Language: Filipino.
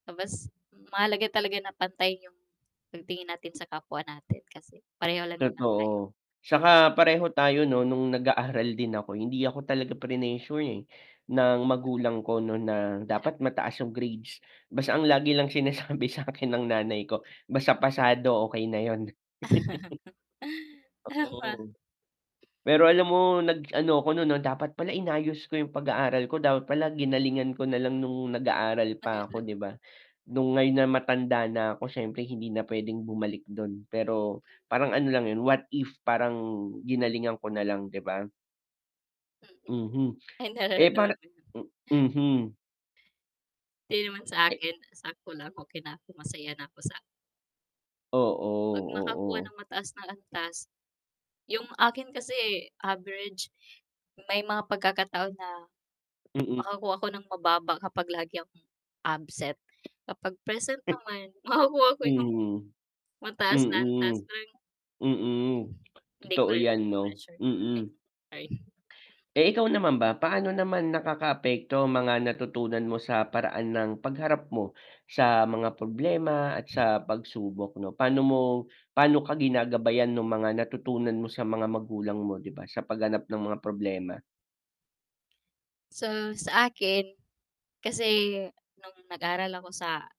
Ah, mas mahalaga talaga na pantay yung pagtingin natin sa kapwa natin kasi pareho lang naman tayo. Totoo, tsaka pareho tayo nun nung nag-aaral din ako, hindi ako talaga prinesure eh, ng magulang ko nun na dapat mataas yung grades, basta ang lagi lang sinasabi sakin ng nanay ko, basta pasado okey na yun. Tama. Oo, pero alam mo nag ano ako nun dapat pala inayos ko yung pag-aaral ko, dapat pala ginalingan ko nalang nung nag aaral pa ako di ba, nung ngayon na matanda na ako siyempre hindi na pwedeng bumalik dun pero parang ano lang yun, what if parang ginalingan ko nalang di ba? Mhm, Ay eh, parang nararamdamanmo yun. mhm. Hindi naman sa akin sakto lang. Okey na ako masaya na ako sa Oo, Pag nakakuha oo. ng mataas na antas, yung akin kasi eh, average, may mga pagkakataon na Mm. makakuha ako ng mababa kapag lagi akong absent kapag present naman makakuha ko yung, Mm. mataas na antas Mm, tuwing mm. Hindi ko Totoo rin yan 'no, nape-pressure, ay mm. sorry. Eh, ikaw naman ba, paano naman nakakaapekto ang mga natutunan mo sa paraan ng pagharap mo sa mga problema at sa pagsubok 'no? Paano mo, paano ka ginagabayan nung mga natutunan mo sa mga magulang mo di ba sa pagharap ng mga problema? So, sa akin kasi nung nag-aral ako sa